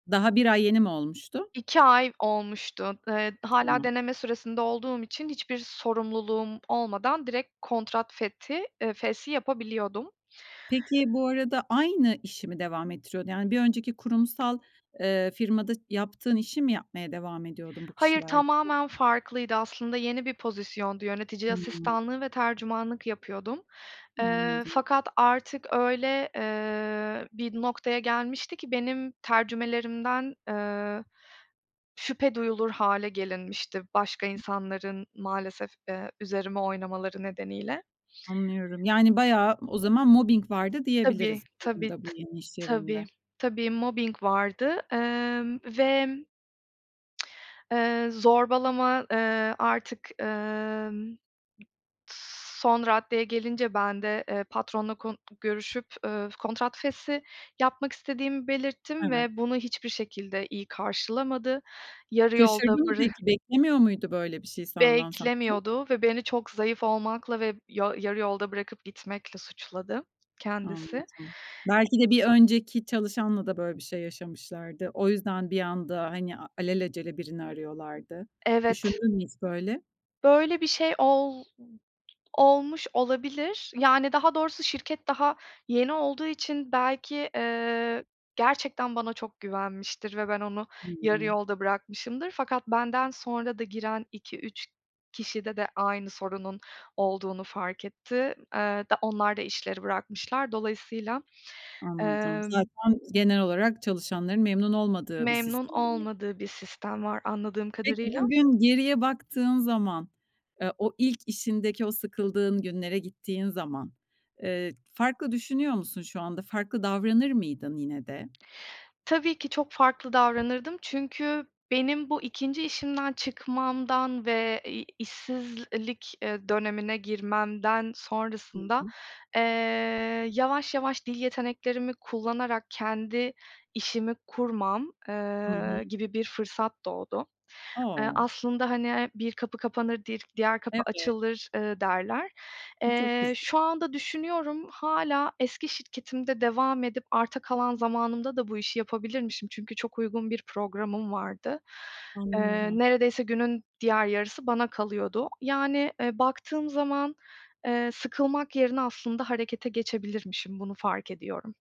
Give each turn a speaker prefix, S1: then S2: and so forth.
S1: Daha 1 ay yeni mi olmuştu?
S2: 2 ay olmuştu. Iıı, hâlâ
S1: Tamam.
S2: deneme süresinde olduğum için, hiçbir sorumluluğum olmadan, direkt kontrat fethi, ııı, feshi yapabiliyordum.
S1: Peki, bu arada, aynı işi mi devam ettiriyordu? Yani, bir önceki kurumsal, ııı, firmada ş yaptığın işimi yapmaya devam ediyordun bu
S2: Hayır,
S1: kişilerle?
S2: tamamen farklıydı aslında, yeni bir pozisyondu, yönetici
S1: Hıı.
S2: asistanlığı ve tercümanlık yapıyordum. Iıı,
S1: Anladım.
S2: fakat artık, öyle, ııı, bir noktaya gelmişti ki, benim tercümelerimden, ııı, şüphe duyulur hâle gelinmişti, başka
S1: Hı.
S2: insanların maalesef, ııı, üzerime oynamaları nedeniyle.
S1: Anlıyorum. Yani bayağı, o zaman mobbing vardı
S2: Tabii,
S1: diyebiliriz bu
S2: tabii,
S1: durumda, bu
S2: t
S1: yeni iş
S2: tabii,
S1: yerinde.
S2: tabii mobbing vardı, ımm, ve Iıı, zorbalama, ııı, artık, ımm, m s son raddeye gelince, ben de, ııı, patronla kon görüşüp, ııı, kontrat feshi yapmak istediğimi belirttim,
S1: Evet.
S2: ve bunu hiçbir şekilde iyi karşılamadı. Yarı yolda
S1: Şaşırdı mı
S2: bıra
S1: peki? Beklemiyor muydu böyle bir şey, senden sence?
S2: Beklemiyordu ve beni, çok zayıf olmakla ve yo yarı yolda bırakıp gitmekle suçladı kendisi.
S1: Anladım. Belki de, bir önceki çalışanla da, böyle bir şey yaşamışlardı. O yüzden, bir anda hani al alelacele birini arıyorlardı.
S2: Evet.
S1: Düşündün mü hiç böyle?
S2: Böyle bir şey ol olmuş olabilir. Yani daha doğrusu şirket daha yeni olduğu için belki, ııı, gerçekten bana çok güvenmiştir ve ben onu yarı
S1: Hıı.
S2: yolda bırakmışımdır, fakat benden sonra da, giren 2-3 kişide de, aynı sorunun olduğunu fark etti. Iıı, da onlar da, işleri bırakmışlar. Dolayısıyla,
S1: Anladım.
S2: ımm
S1: Zaten genel olarak, çalışanların memnun olmadığı bir
S2: Memnun
S1: sistem [unintelligible]
S2: olmadığı bir sistem var, anladığım
S1: Peki,
S2: kadarıyla.
S1: bugün geriye baktığın zaman, ııı, o ilk işindeki, o sıkıldığın günlere gittiğin zaman, ııı, farklı düşünüyor musun şu anda? Farklı davranır mıydın yine de?
S2: Tabii ki, çok farklı davranırdım, çünkü benim bu 2. işimden çıkmamdan, ve, iii, işsizlik, iii, dönemine girmemden,
S1: Hı
S2: sonrasında,
S1: hı.
S2: ııı, yavaş, yavaş, dil yeteneklerimi kullanarak, kendi işimi kurmam,
S1: Hı hı.
S2: ııı, gibi bir fırsat doğdu. Iıı,
S1: O!
S2: aslında, hani, bir kapı kapanır, di diğer kapı
S1: Evet.
S2: açılır, ııı, derler.
S1: Bu çok güz
S2: Eee, şu anda düşünüyorum, hâlâ eski şirketimde devam edip, arta kalan zamanımda da, bu işi yapabilirmişim, çünkü çok uygun bir programım vardı. Iıı,
S1: Anlıyorum.
S2: neredeyse, günün diğer yarısı bana kalıyordu. Yani, ııı, baktığım zaman, ııı, sıkılmak yerine, aslında harekete geçebilirmişim, bunu fark ediyorum.